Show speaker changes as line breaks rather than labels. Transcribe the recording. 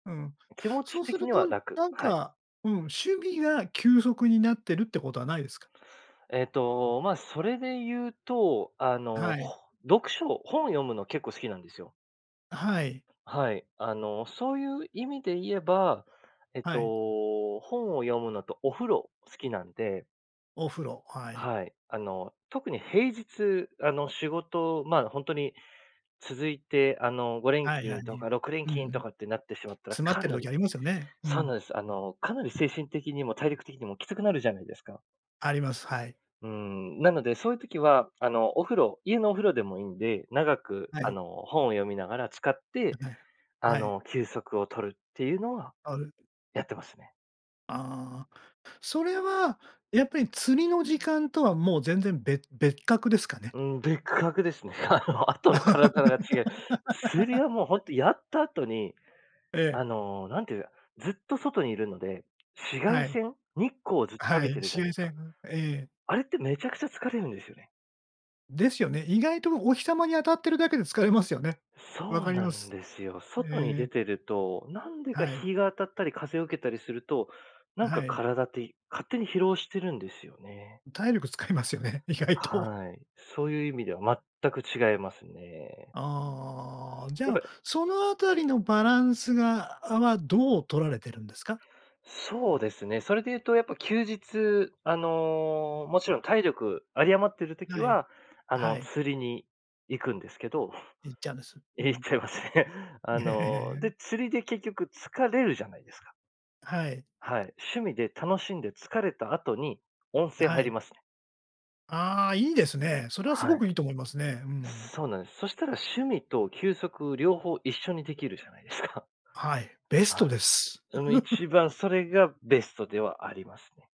うん。
気持
そ
ち
うす
的
る
には
と
楽。
なん
はい。
か、うん、趣味が休息になってるって事はないですか？
えっと、まあ、それで言うと、あの、
はい。
ほ読書本を読むの結構好きなんですよ。
はい。
はい。あの、そういう意味で言えば、えっと、
はい。
本を読むのと、お風呂好きなんで
お風呂、はい。
はい。あの、特に平日、あの仕事、ま、ほんとに続いて、あの、ごれん
はい
き
はい、
んと
に、
か、ろくれん
うんう
きんと
ん。
かってなってしまったら、
詰まっ
か
てる
な
時
り
ありますよね。う
そう
ん。
なんです。あのかなり精神的にも、体力的にもきつくなるじゃないですか。
あります、はい。
うーん、なので、そういう時は、あの、お風呂、家のお風呂でもいんで、長く、
は
あ
い。
の、本を読みながら、浸かっ
あ、
て、
はい。
あ
はい。
の、休息を取るっていうのは、
ある
やってますね。
ああ、それはやっぱり、釣りの時間とはもう全然べ別格ですかね？
うん、別格ですね。あの、後の体が違う釣りは、もうほ んと、やった後に、
ええ。
あの何ていうずっと外にいるので、紫外
はい。
線、日光をずっと浴
は
び
い、
てるじ
紫
ゃない
外
ですか？
線、んええ。
あれって、めちゃくちゃ疲れるんですよね。
ですよね。意外とお日様に当たってるだけで、疲れますよね。分
そう
かり
な
ま
ん
す。
ですよ。外に
え
出
え。
てると、なんでか、
はい。
日が当たったり、風を受けたりすると、なんか
はい。
体ってい勝手に疲労してるんですよね。
体力使いますよね、意外と。
はい。そういう意味では、全く違いますね。
ああ、じ
やっ
ゃ
ぱ
あ、その辺りのバランスが、あわどう取られているんですか？
そうですね。それで言うと、やっぱ休日、あの、勿論体力有り余っている時
はい。
は、あの、
はい。
釣りに行くんですけど。
行っちゃうんです？う
ええ、行っ
ん。
ちゃいますね。あ
え
の、で、
え。
釣りで、結局疲れるじゃないですか。
はい。
はい。趣味で楽しんで疲れた後に、温泉
は
入り
い。
ますね。
ああ、良いですね。それは
は
凄く
い。
良いと思いますね。うん。
そうなんです。そしたら、趣味と休息、両方一緒に出来るじゃないですか。
はい、ベス
はい、
トです。
その、一番それがベストではありますね。